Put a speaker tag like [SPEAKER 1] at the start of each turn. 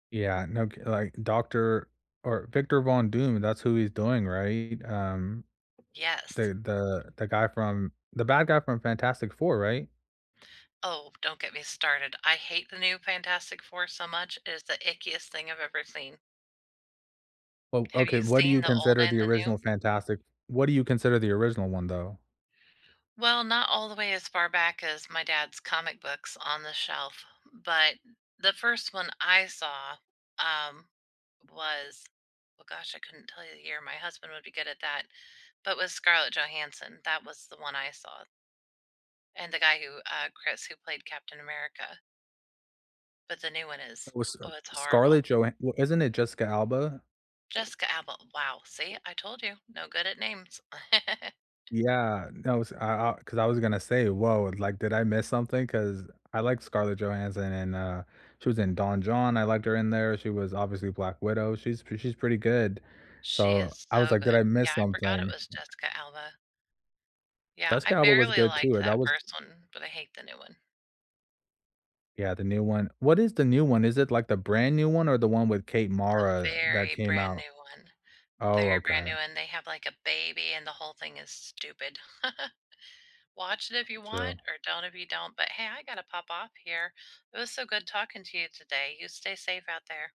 [SPEAKER 1] Yeah. No cu like, doctor or Victor Von Doom, that's who he's doing, right? Um,
[SPEAKER 2] Yes.
[SPEAKER 1] the the the guy from The bad guy from Fantastic 4, right?
[SPEAKER 2] Oh, don't get me started, I hate the new Fantastic 4 so much, it is the ickiest thing I've ever seen.
[SPEAKER 1] Oh,
[SPEAKER 2] Have
[SPEAKER 1] okay.
[SPEAKER 2] you
[SPEAKER 1] What do
[SPEAKER 2] seen
[SPEAKER 1] you
[SPEAKER 2] the old
[SPEAKER 1] consider
[SPEAKER 2] and
[SPEAKER 1] the
[SPEAKER 2] the new?
[SPEAKER 1] original Fantastic f What do you consider the original one, though?
[SPEAKER 2] Well, not all the way as far back as my dad's comic books on the shelf, but the 1st one I saw, um, was Oh gosh, I couldn't tell you the year. My husband would be good at that But was Scarlett Johansson, that was the one I saw and the guy who, uh Chris who played Captain America. But the new one is
[SPEAKER 1] Oh, was, uh,
[SPEAKER 2] Oh, it's horrible.
[SPEAKER 1] Scarlet Joha wh isn't it Jessica Alba?
[SPEAKER 2] Jessica Alba. Wow. See? I told you. No good at names.
[SPEAKER 1] Yeah. No, s I I 'Cause I was gonna say, "Woah. Like, did I miss something?" 'cause I like Scarlett Johansson, and, uh, she was in Don Jon, I liked her in there, she was obviously Black Widow, she's pr she's pretty good,
[SPEAKER 2] She
[SPEAKER 1] so
[SPEAKER 2] is
[SPEAKER 1] I was
[SPEAKER 2] so
[SPEAKER 1] like, "Did
[SPEAKER 2] good.
[SPEAKER 1] I
[SPEAKER 2] Yeah.
[SPEAKER 1] miss
[SPEAKER 2] I forgot it
[SPEAKER 1] something?"
[SPEAKER 2] was Jessica Alba. Yeah.
[SPEAKER 1] Jessica
[SPEAKER 2] I
[SPEAKER 1] Alba was
[SPEAKER 2] barely
[SPEAKER 1] good
[SPEAKER 2] liked
[SPEAKER 1] too. Uh, that
[SPEAKER 2] that
[SPEAKER 1] was
[SPEAKER 2] 1st one, but I hate the new one.
[SPEAKER 1] Yeah. The new one What is the new one? Is it, like, the brand new one or the one with Kate
[SPEAKER 2] The
[SPEAKER 1] Mara that
[SPEAKER 2] very
[SPEAKER 1] came
[SPEAKER 2] brand
[SPEAKER 1] out?
[SPEAKER 2] new one.
[SPEAKER 1] Oh,
[SPEAKER 2] Very brand
[SPEAKER 1] okay.
[SPEAKER 2] new, and they have, like, a baby, and the whole thing is stupid. Watch it if you want
[SPEAKER 1] Gotcha.
[SPEAKER 2] or don't if you don't. But, hey, I gotta pop off here. It was so good talking to you today. You stay safe out there.